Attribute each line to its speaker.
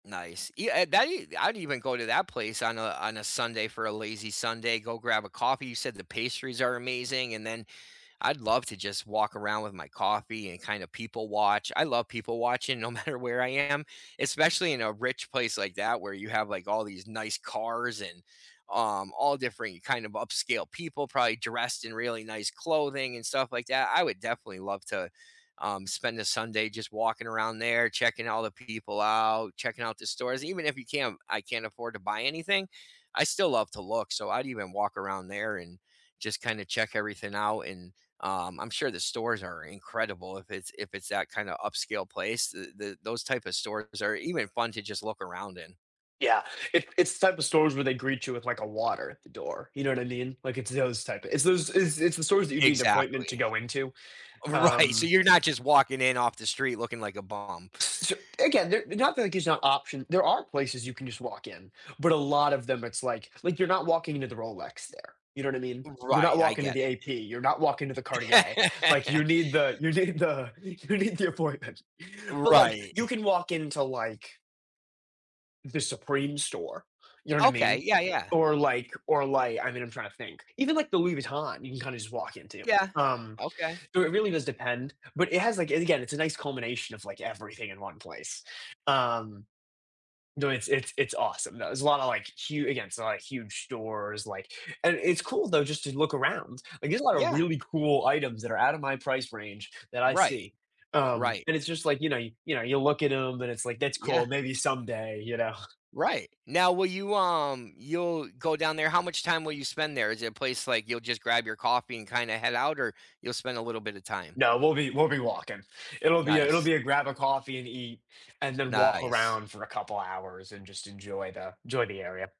Speaker 1: Nice. Yeah, uh, that i I'd even go to that place on a on a Sunday for a lazy Sunday, go grab a coffee. You said the pastries are amazing, and then I'd love to just walk around with my coffee and kind of people watch. I love people watching no matter where I am, especially in a rich place like that where you have like all these nice cars and, um, all different kind of upscale people probably dressed in really nice clothing and stuff like that. I would definitely love to, um, spend the Sunday just walking around there, checking all the people out, checking out the stores. Even if you can't I can't afford to buy anything, I still love to look. So I'd even walk around there and just kinda check everything out, and, um, I'm sure the stores are incredible if it's if it's that kind of upscale place. The the those type of stores are even fun to just look around in.
Speaker 2: Yeah, it's it's the type of stores where they greet you with, like, a water at the door, you know what I mean? Like, it's those type of it's those, it's it's the stores that you need an appointment to
Speaker 1: Exactly.
Speaker 2: go into,
Speaker 1: Right, so
Speaker 2: um
Speaker 1: you're not just walking in off the street looking like a bum.
Speaker 2: S so again, they're not like it's not option. There are places you can just walk in, but a lot of them, it's like like you're not walking into the Rolex there, you know what I mean? You're not
Speaker 1: Right, I
Speaker 2: walking to
Speaker 1: get
Speaker 2: the
Speaker 1: it.
Speaker 2: AP, you're not walking to the Cartier, like you need the you need the, you need the appointment, but, like,
Speaker 1: Right.
Speaker 2: you can walk into like the Supreme store, you know what I
Speaker 1: Okay,
Speaker 2: mean?
Speaker 1: yeah, yeah.
Speaker 2: Or like or like, I mean, I'm trying to think even, like, the Louis Vuitton, you can kind of just walk into.
Speaker 1: Yeah,
Speaker 2: Um,
Speaker 1: okay.
Speaker 2: so it really does depend, but it has, like, and again, it's a nice combination of, like, everything in one place. Um no, it's it's it's awesome though. There's a lotta, like, hu again, they're like, huge stores, like and it's cool though just to look around. Like, there's a lotta
Speaker 1: Yeah.
Speaker 2: really cool items that are out of my price range that I
Speaker 1: Right.
Speaker 2: see, um,
Speaker 1: Right.
Speaker 2: and it's just like, you know you know, you look at 'em, and it's like, "That's
Speaker 1: Yeah.
Speaker 2: cool, maybe someday," you know.
Speaker 1: Right. Now, will you, um, you'll go down there. How much time will you spend there? Is it a place like you'll just grab your coffee and kinda head out, or you'll spend a little bit of time?
Speaker 2: No, we'll be we'll be walking. It'll be a it'll
Speaker 1: Nice.
Speaker 2: be a grab a coffee and eat, and then walk
Speaker 1: Nice.
Speaker 2: around for a couple hours and just enjoy the joy the area.